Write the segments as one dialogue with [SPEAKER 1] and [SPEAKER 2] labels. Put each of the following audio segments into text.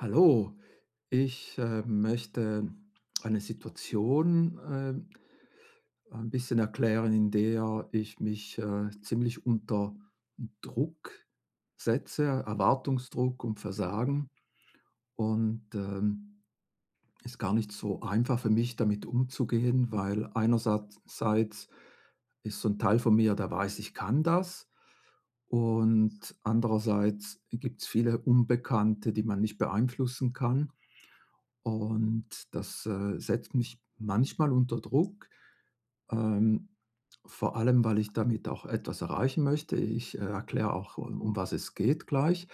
[SPEAKER 1] Hallo. Ich, ähm, möchte eine Situation äh, ein bisschen erklären, in der ich mich, äh, ziemlich unter Druck setze, Erwartungsdruck und Versagen und, ähm, ist gar nicht so einfach für mich, damit umzugehen, weil einersatz seits ist so 'n Teil von mir, der weiß, ich kann das. Und andererseits gibt's viele Unbekannte, die man nicht beeinflussen kann. Und das, äh, setzt mich manchmal unter Druck. Ähm, vor allem, weil ich damit auch etwas erreichen möchte. Ich, äh, erkläre auch, um um was es geht gleich.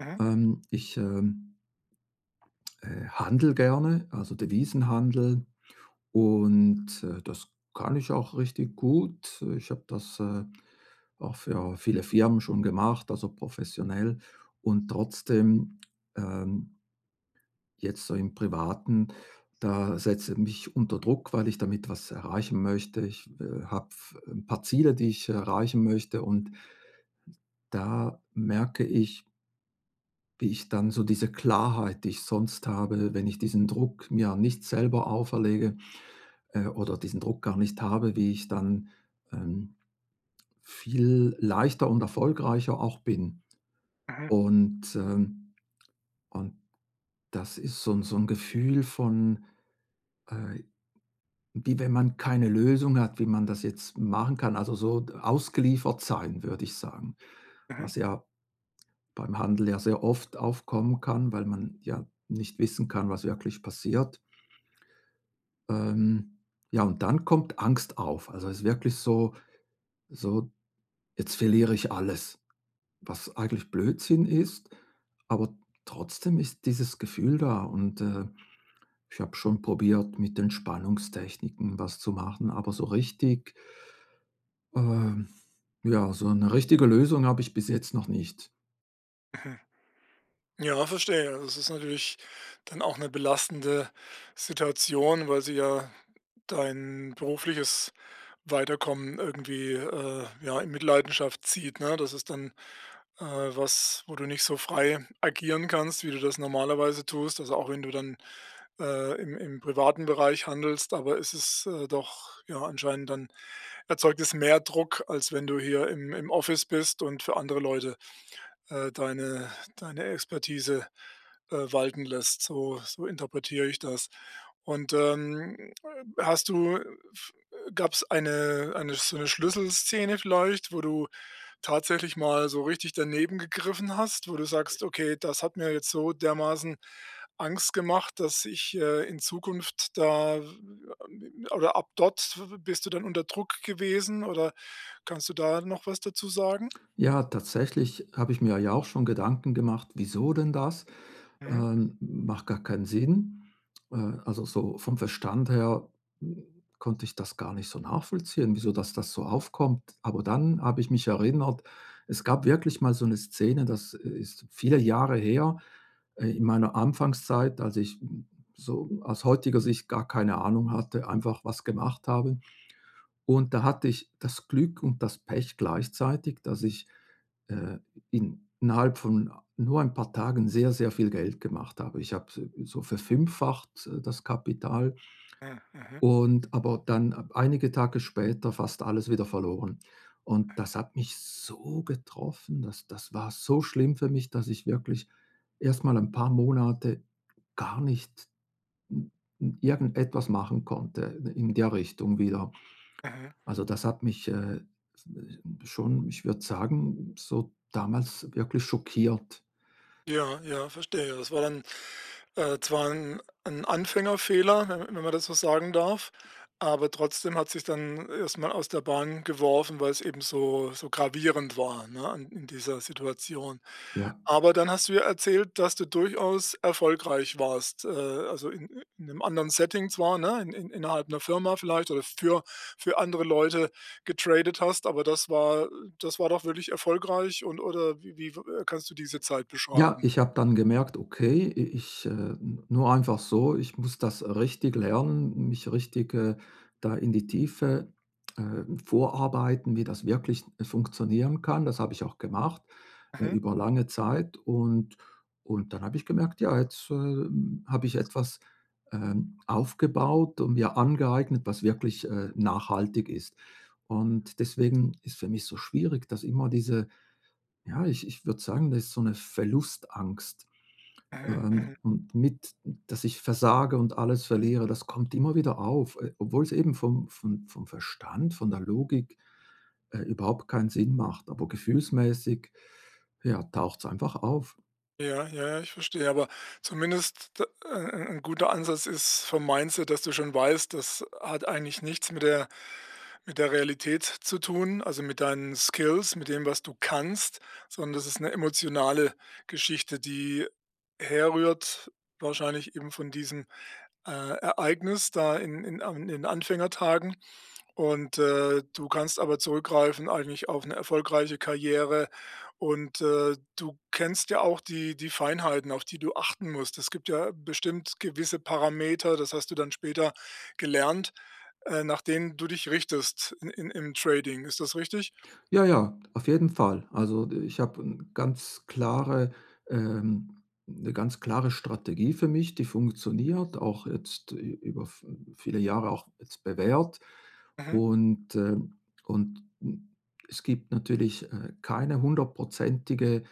[SPEAKER 2] Mhm.
[SPEAKER 1] Ähm, ich, ähm, äh, handle gerne, also, Devisenhandel und, äh, das kann ich auch richtig gut. Ich habe das, äh, auch für viele Firmen schon gemacht, also, professionell und trotzdem, ähm, jetzt so im Privaten, da setze mich unter Druck, weil ich damit was erreichen möchte. Ich, äh, habe f 'n paar Ziele, die ich erreichen möchte und da merke ich Wie ich dann so diese Klarheit, die ich sonst habe, wenn ich diesen Druck mir nicht selber auferlege, äh, oder diesen Druck gar nicht habe, wie ich dann, ähm, viel leichter und erfolgreicher auch bin.
[SPEAKER 2] Mhm.
[SPEAKER 1] Und, ähm, und das ist so 'n so 'n Gefühl von, äh, wie wenn man keine Lösung hat, wie man das jetzt machen kann, also, so d ausgeliefert sein, würde ich sagen.
[SPEAKER 2] Mhm.
[SPEAKER 1] Was ja beim Handel ja sehr oft aufkommen kann, weil man ja nicht wissen kann, was wirklich passiert. Ähm, ja, und dann kommt Angst auf. Also, es ist wirklich so so: „Jetzt verliere ich alles“, was eigentlich Blödsinn ist, aber trotzdem ist dieses Gefühl da und, äh, ich habe schon probiert mit Entspannungstechniken was zu machen, aber so richtig ähm, ja, so 'ne richtige Lösung habe ich bis jetzt noch nicht.
[SPEAKER 2] Mhm. Ja, verstehe, das ist natürlich dann auch 'ne belastende Situation, weil sie ja dein berufliches Weiterkommen irgendwie, äh, ja in Mitleidenschaft zieht, ne? Das ist dann, äh, was, wo du nicht so frei agieren kannst, wie du das normalerweise tust. Also, auch wenn du dann, äh, im im privaten Bereich handelst, aber es ist, äh, doch, ja, anscheinend dann erzeugt es mehr Druck, als wenn du hier im im Office bist und für andere Leute, äh, deine deine Expertise, äh, walten lässt, so so interpretiere ich das. Und, ähm, hast du, äh, f äh, gab's eine eine sch so 'ne Schlüsselszene vielleicht, wo du tatsächlich mal so richtig daneben gegriffen hast, wo du sagst: „Okay, das hat mir jetzt so dermaßen Angst gemacht, dass ich, äh, in Zukunft da w a“ oder ab dort w w bist du dann unter Druck gewesen, oder kannst du da noch was dazu sagen?
[SPEAKER 1] Ja, tatsächlich habe ich mir ja auch schon Gedanken gemacht: „Wieso denn das?
[SPEAKER 2] Mhm.
[SPEAKER 1] Ähm, macht gar keinen Sinn.“ Äh, also, so vom Verstand her, hm, konnte ich das gar nicht so nachvollziehen, wieso dass das so aufkommt. Aber dann habe ich mich erinnert, es gab wirklich mal so 'ne Szene, das ist viele Jahre her, äh, in meiner Anfangszeit, als ich, hm, so aus heutiger Sicht gar keine Ahnung hatte, einfach was gemacht habe. Und da hatte ich das Glück und das Pech gleichzeitig, dass ich, äh, in innerhalb von nur 'n paar Tagen sehr, sehr viel Geld gemacht habe. Ich habe, äh, so verfünffacht, äh, das Kapital
[SPEAKER 2] Hm, mhm.
[SPEAKER 1] und aber dann einige Tage später fast alles wieder verloren. Und das hat mich so getroffen, das das war so schlimm für mich, dass ich wirklich erstmal 'n paar Monate gar nicht n n irgendetwas machen konnte in der Richtung wieder.
[SPEAKER 2] Mhm.
[SPEAKER 1] Also, das hat mich, äh, äh, w schon, ich würde sagen, so damals wirklich schockiert.
[SPEAKER 2] Ja, ja, verstehe. Das war dann, äh, zwar 'n 'n Anfängerfehler, w wenn man das so sagen darf, aber trotzdem hat's dich dann erstmal aus der Bahn geworfen, weil's eben so so gravierend war, ne, an in dieser Situation.
[SPEAKER 1] Ja.
[SPEAKER 2] Aber dann hast du ja erzählt, dass du durchaus erfolgreich warst, äh, also, in in 'nem anderen Setting zwar ne, in innerhalb 'ner Firma vielleicht oder für für andere Leute getradet hast, aber das war das war doch wirklich erfolgreich und oder w wie, äh, kannst du diese Zeit
[SPEAKER 1] Ja,
[SPEAKER 2] beschreiben?
[SPEAKER 1] ich habe dann gemerkt: „Okay, i ich, äh, nur einfach so, ich muss das, äh, richtig lernen, mich richtig, äh, da in die Tiefe, ähm, vorarbeiten, wie das wirklich funktionieren kann.“ Das habe ich auch gemacht, äh,
[SPEAKER 2] Mhm.
[SPEAKER 1] über lange Zeit und und dann habe ich gemerkt: „Ja, jetzt, ähm, habe ich etwas, ähm, aufgebaut und mir angeeignet, was wirklich, äh, nachhaltig ist.“ Und deswegen ist für mich so schwierig, dass immer diese ja, ich ich würde sagen, das ist so 'ne Verlustangst,
[SPEAKER 2] Mhm,
[SPEAKER 1] ähm,
[SPEAKER 2] mhm.
[SPEAKER 1] m mit, dass ich versage und alles verliere, das kommt immer wieder auf, äh, obwohl's eben vom vom vom Verstand, von der Logik, äh, überhaupt keinen Sinn macht, aber gefühlsmäßig, ja, taucht's einfach auf.
[SPEAKER 2] Ja, ja, ich verstehe, aber zumindest de e e 'n guter Ansatz ist vom Mindset, dass du schon weißt, das hat eigentlich nichts mit der mit der Realität zu tun, also, mit deinen Skills, mit dem, was du kannst, sondern das ist 'ne emotionale Geschichte, die herrührt, wahrscheinlich eben von diesem, äh, Ereignis da in in An in den Anfängertagen. Und, äh, du kannst aber zurückgreifen eigentlich auf 'ne erfolgreiche Karriere und, äh, du kennst ja auch die die Feinheiten, auf die du achten musst. Es gibt ja bestimmt gewisse Parameter, das hast du dann später gelernt, äh, nach denen du dich richtest in in im Trading. Ist das richtig?
[SPEAKER 1] Ja, ja, auf jeden Fall. Also, ich habe 'n ganz klare ähm, 'ne ganz klare Strategie für mich, die funktioniert, auch jetzt ü über v hm, viele Jahre auch jetzt bewährt.
[SPEAKER 2] Mhm.
[SPEAKER 1] Und, ähm und, hm, es gibt natürlich, äh, keine hundertprozentige,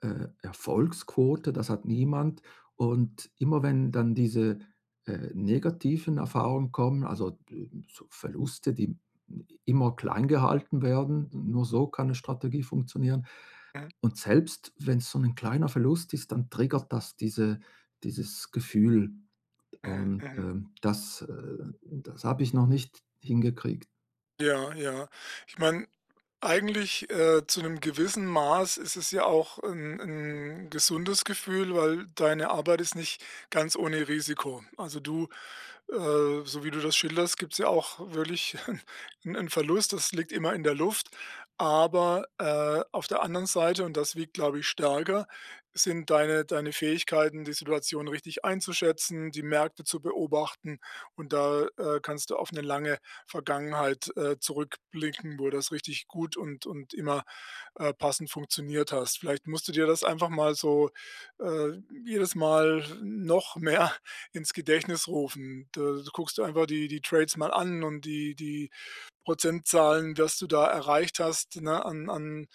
[SPEAKER 1] äh, Erfolgsquote, das hat niemand. Und immer wenn dann diese, äh, negativen Erfahrungen kommen, also, äh, so Verluste, die i immer kleingehalten werden, n nur so kann 'ne Strategie funktionieren.
[SPEAKER 2] Mhm.
[SPEAKER 1] Und selbst wenn's so 'nen kleiner Verlust ist, dann triggert das diese dieses Gefühl.
[SPEAKER 2] Mhm,
[SPEAKER 1] Und,
[SPEAKER 2] mhm.
[SPEAKER 1] ähm, das, äh das habe ich noch nicht hingekriegt.
[SPEAKER 2] Ja, ja. Ich meine, eigentlich, äh, zu 'nem gewissen Maß ist es ja auch 'n 'n gesundes Gefühl, weil deine Arbeit ist nicht ganz ohne Risiko. Also du äh, so wie du das schilderst, gibt's ja auch wirklich 'n 'n Verlust, das liegt immer in der Luft, aber, äh, auf der anderen Seite- und das wiegt, glaube ich, stärker- sind deine deine Fähigkeiten, die Situation richtig einzuschätzen, die Märkte zu beobachten, und da, äh, kannst du auf 'ne lange Vergangenheit, äh, zurückblicken, wo das richtig gut und und immer, äh, passend funktioniert hast. Vielleicht musst du dir das einfach mal so, äh, jedes Mal noch mehr ins Gedächtnis rufen. Da guckst du einfach die die Trades mal an und die die Prozentzahlen, was du da erreicht hast, ne, an an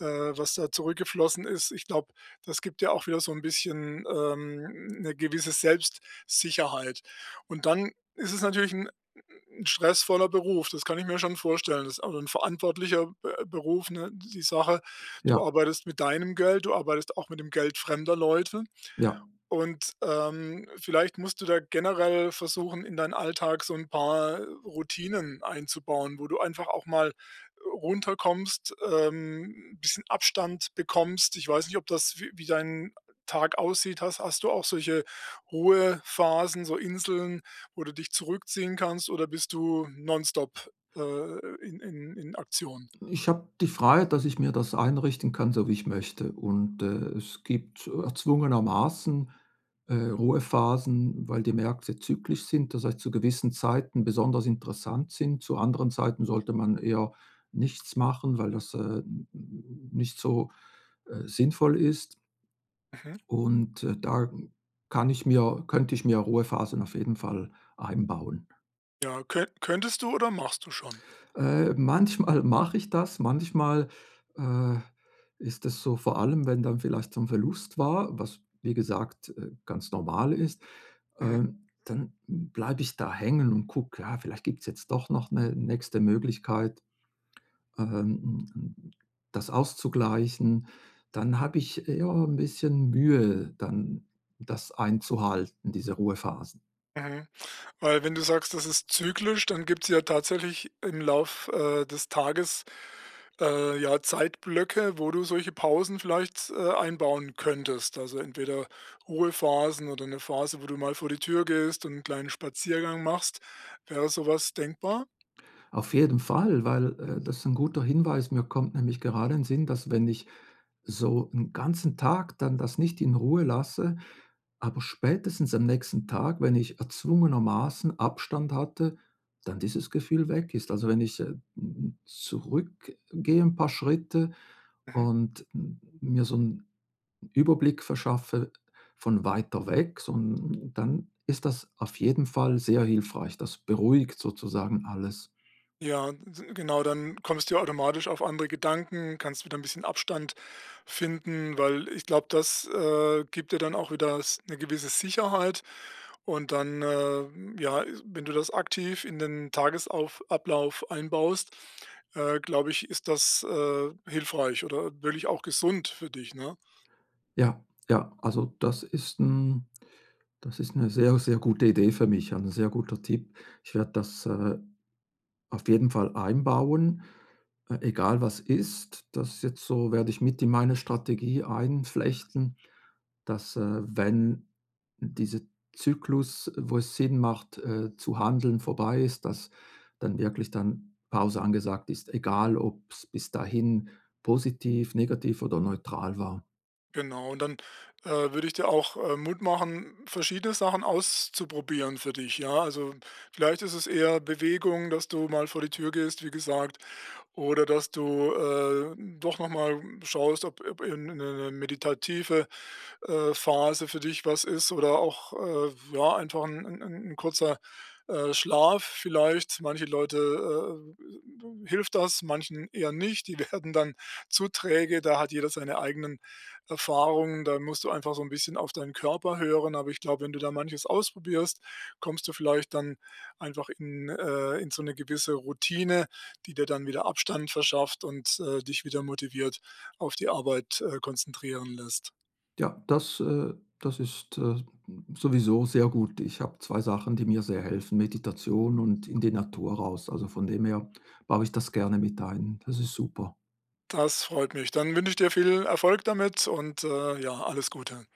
[SPEAKER 2] äh, was da zurückgeflossen ist. Ich glaube, das gibt ja auch wieder so 'n bisschen, ähm, 'ne gewisse Selbstsicherheit. Und dann ist es natürlich 'n 'n stressvoller Beruf. Das kann ich mir schon vorstellen. Das ist auch 'n verantwortlicher Be Beruf, ne, die Sache. Du
[SPEAKER 1] Ja.
[SPEAKER 2] arbeitest mit deinem Geld, du arbeitest auch mit dem Geld fremder Leute.
[SPEAKER 1] Ja.
[SPEAKER 2] Und, ähm, vielleicht musst du da generell versuchen, in deinen Alltag so 'n paar Routinen einzubauen, wo du einfach auch mal runterkommst, ähm, 'n bisschen Abstand bekommst. Ich weiß nicht, ob das wie wie dein Tag aussieht, hast hast du auch solche Ruhephasen, so Inseln, wo du dich zurückziehen kannst, oder bist du non-stop, äh, in in in Aktion?
[SPEAKER 1] Ich habe die Freiheit, dass ich mir das einrichten kann, so wie ich möchte. Und, äh, es gibt erzwungenermaßen, äh, Ruhephasen, weil die Märkte zyklisch sind, das heißt, zu gewissen Zeiten besonders interessant sind. Zu anderen Zeiten sollte man eher nichts machen, weil das, äh, n n n nicht so, äh, sinnvoll ist.
[SPEAKER 2] Mhm.
[SPEAKER 1] Und, äh, da kann ich mir könnte ich mir Ruhephasen auf jeden Fall einbauen.
[SPEAKER 2] Ja, könn könntest du oder machst du schon?
[SPEAKER 1] Äh, manchmal mache ich das, manchmal, äh, ist das so, vor allem, wenn dann vielleicht so 'n Verlust war, was wie gesagt, äh, ganz normal ist,
[SPEAKER 2] Mhm.
[SPEAKER 1] ähm, dann bleibe ich da hängen und gucke, ja, vielleicht gibt's jetzt doch noch 'ne nächste Möglichkeit, ähm, hm, hm, das auszugleichen, dann habe ich, ja, 'n bisschen Mühe, dann das einzuhalten, diese Ruhephasen.
[SPEAKER 2] Mhm, weil wenn du sagst, das ist zyklisch, dann gibt's ja tatsächlich im Lauf, äh, des Tages, äh, ja, Zeitblöcke, wo du solche Pausen vielleicht, äh, einbauen könntest. Also, entweder Ruhephasen oder 'ne Phase, wo du mal vor die Tür gehst und 'n kleinen Spaziergang machst. Wäre sowas denkbar?
[SPEAKER 1] Auf jeden Fall, weil, äh, das ist 'n guter Hinweis. Mir kommt nämlich gerade in Sinn, dass wenn ich so 'n ganzen Tag dann, das nicht in Ruhe lasse, aber spätestens am nächsten Tag, wenn ich erzwungenermaßen Abstand hatte, dann dieses Gefühl weg ist. Also, wenn ich, äh, hm, hm, zurückgehe 'n paar Schritte
[SPEAKER 2] Mhm.
[SPEAKER 1] und m mir so 'n Überblick verschaffe von weiter weg, so 'n dann ist das auf jeden Fall sehr hilfreich. Das beruhigt sozusagen alles.
[SPEAKER 2] Ja, d genau, dann kommst du ja automatisch auf andere Gedanken, kannst wieder 'n bisschen Abstand finden, weil ich glaube, das, äh, gibt dir dann auch wieder s 'ne gewisse Sicherheit und dann, äh, ja, wenn du das aktiv in den Tagesauf Ablauf einbaust, äh, glaube ich, ist das, äh, hilfreich oder wirklich auch gesund für dich, ne?
[SPEAKER 1] Ja, ja, also, das ist 'n das ist 'ne sehr, sehr gute Idee für mich, ein sehr guter Tipp. Ich werde das, äh, auf jeden Fall einbauen, äh, egal was ist, das jetzt so werde ich mit in meine Strategie einflechten, dass, äh, wenn dieser Zyklus, wo es Sinn macht, äh, zu handeln vorbei ist, dass dann wirklich dann Pause angesagt ist, egal ob's bis dahin positiv, negativ oder neutral war.
[SPEAKER 2] Genau, und dann, äh, würde ich dir auch, äh, Mut machen, verschiedene Sachen auszuprobieren für dich, ja? Also, vielleicht ist es eher Bewegung, dass du mal vor die Tür gehst, wie gesagt, oder dass du, äh, doch noch mal, hm, schaust, ob ob, äh, 'ne 'ne meditative, äh, Phase für dich was ist oder auch, äh, ja, einfach 'n 'n 'n kurzer, äh, Schlaf vielleicht. Manche Leute, äh, äh, d hilft das, manchen eher nicht. Die werden dann zu träge, da hat jeder seine eigenen Erfahrungen, da musst du einfach so 'n bisschen auf deinen Körper hören, aber ich glaube, wenn du da manches ausprobierst, kommst du vielleicht dann einfach in äh, in so 'ne gewisse Routine, die dir dann wieder Abstand verschafft und, äh, dich wieder motiviert auf die Arbeit, äh, konzentrieren lässt.
[SPEAKER 1] Ja, das äh, das ist, äh, sowieso sehr gut. Ich habe 2 Sachen, die mir sehr helfen. Meditation und in die Natur raus. Also, von dem her baue ich das gerne mit ein. Das ist super.
[SPEAKER 2] Das freut mich. Dann wünsche ich dir viel Erfolg damit und, äh, ja, alles Gute.